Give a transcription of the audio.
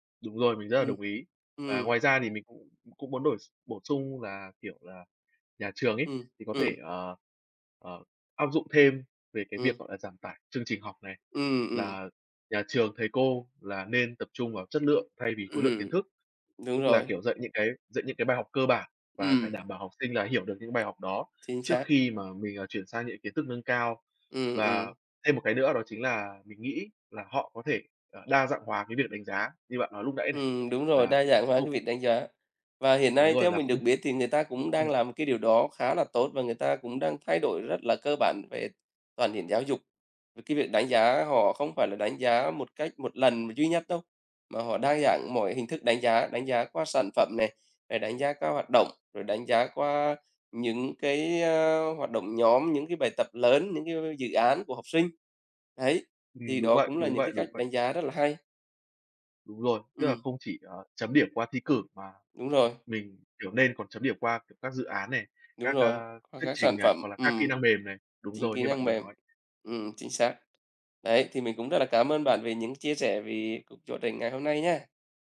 Đúng rồi, mình rất là Ừm, đồng ý. Và ừm. ngoài ra thì mình cũng cũng muốn đổi s bổ sung là, kiểu là, nhà trường ấy, Ừm, thì có thể, ừm. ờ, ờ, áp dụng thêm về cái việc, Ừm. gọi là, giảm tải chương trình học này. Ừm, ừm. Là nhà trường, thầy cô là nên tập trung vào chất lượng thay vì khối lượng kiến Ừm, thức, đúng tức là, rồi. kiểu, dạy những cái dạy những cái bài học cơ bản và phải Ừm. đảm bảo học sinh là hiểu được những bài học đó Chính trước xác. khi mà mình, ờ, chuyển sang những kiến thức nâng cao. Ừm, Và ừm. thêm một cái nữa đó chính là mình nghĩ là họ có thể là đa dạng hóa cái việc đánh giá như bạn nói lúc nãy này, Ừm, đúng rồi, là đa dạng hóa cái không việc đánh giá. Và hiện Đúng nay rồi, theo là mình không được biết thì người ta cũng đang ừm. làm một cái điều đó khá là tốt và người ta cũng đang thay đổi rất là cơ bản về toàn diện giáo dục, v cái việc đánh giá họ không phải là đánh giá một cách một lần duy nhất đâu, mà họ đa dạng mọi hình thức đánh giá, đánh giá qua sản phẩm này, à, đánh giá qua hoạt động, rồi đánh giá qua những cái, ơ, hoạt động nhóm, những cái bài tập lớn, những cái dự án của học sinh. Đấy, Ừm, thì đúng đó vậy, cũng là đúng những vậy, cái cách đúng vậy. đánh giá rất là hay. Đúng rồi, tức là Ừm. không chỉ, ờ, chấm điểm qua thi cử mà Đúng rồi. mình, kiểu, nên còn chấm điểm qua, kiểu, các dự án này, Đúng các, rồi, ơ, qua thuyết các trình sản này, phẩm, hoặc là các kỹ ừm, năng mềm này. Đúng chính rồi, kỹ như bạn năng vừa mềm nói. ừm, chính xác. Đấy, thì mình cũng rất là cám ơn bạn về những chia sẻ vì cuộc trò chuyện ngày hôm nay nhá.